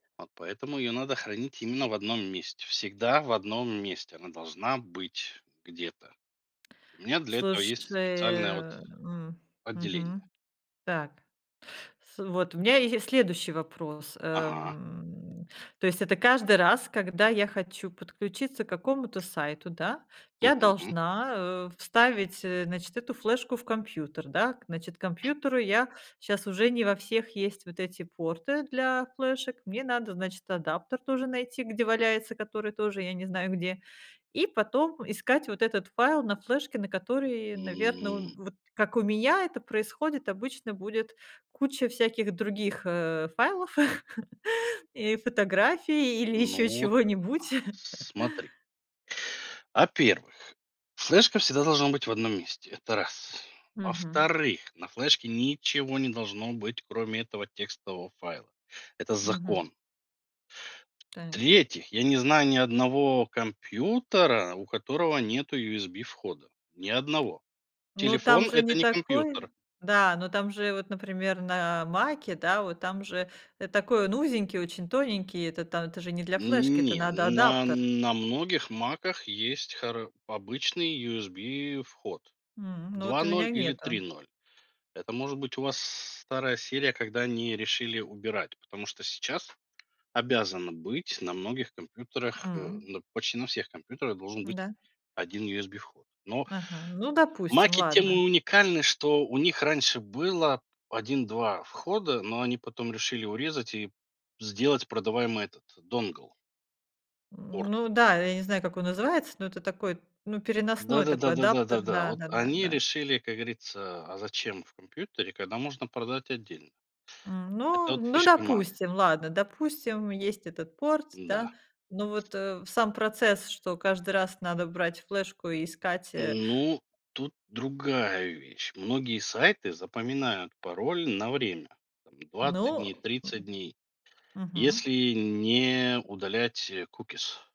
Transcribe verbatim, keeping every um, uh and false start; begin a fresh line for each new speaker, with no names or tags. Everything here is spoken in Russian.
Вот поэтому ее надо хранить именно в одном месте, всегда в одном месте она должна быть где-то. У меня для этого есть специальное вот
Слушай. М.
отделение.
Мгм. Так, с вот, у меня есть следующий вопрос,
Ага.
эм. То есть это каждый раз, когда я хочу подключиться к какому-то сайту, да, я
Мгм.
должна, э, вставить, э, значит, эту флешку в компьютер, да, к значит, компьютеру я щас уже не во всех есть вот эти порты для флешек. Мне надо, значит, адаптер тоже найти, где валяется, который тоже, я не знаю, где. И потом искать вот этот файл на флешке, на которой, наверно, у
М.
Вот как у меня это происходит: обычно будет куча всяких других, э, файлов и фотографий или еще
Ну вот,
чего-нибудь.
смотри. Во-первых, флешка всегда должна быть в одном месте- это раз.
Мгм.
Во-вторых, на флешке ничего не должно быть, кроме этого текстового файла- это
Мгм.
закон.
Так.
В-третьих, я не знаю ни одного компьютера, у которого нету USB-входа. Ни одного.
Ну там
Телефон-
же не
это не
такой,
компьютер.
да, но там же вот, например, на "Маке", да, вот там же, э, такой он узенький, очень тоненький. Это там это же не для флешки, это
Не,
надо
на
адаптер.
на многих "Маках" есть хара обычный USB-вход
М, ну
два
вот у
ноль
меня
или три
нету.
ноль. Это может быть у вас старая серия, когда они решили убирать, потому что сейчас обязано быть на многих компьютерах, э,
М.
ну, почти на всех компьютерах должен быть
Да.
один USB-вход. Но
Ага, ну, допустим,
"Маки" тем и
ладно.
уникальны, что у них раньше было один два входа, но они потом решили урезать и сделать продаваемый этот dongle порт.
М, ну, да, я не знаю, как он называется, но это такой, ну,
Да
переносной
да да
такой
да да
адаптер,
да да, вот
да-да-да,
они
да.
решили, как говорится: а зачем в компьютере, когда можно продать отдельно?
М,
Это
ну
вот
ну,
фишка "Мака".
допустим, ладно, допустим, есть этот порт,
Да.
да. Но вот, э, сам процесс, что каждый раз надо брать флешку и искать, э
Ну, тут другая вещь. Многие сайты запоминают пароль на время, там двадцать
Ну,
дней,
м,
тридцать дней,
мгм.
если не удалять, э, cookies.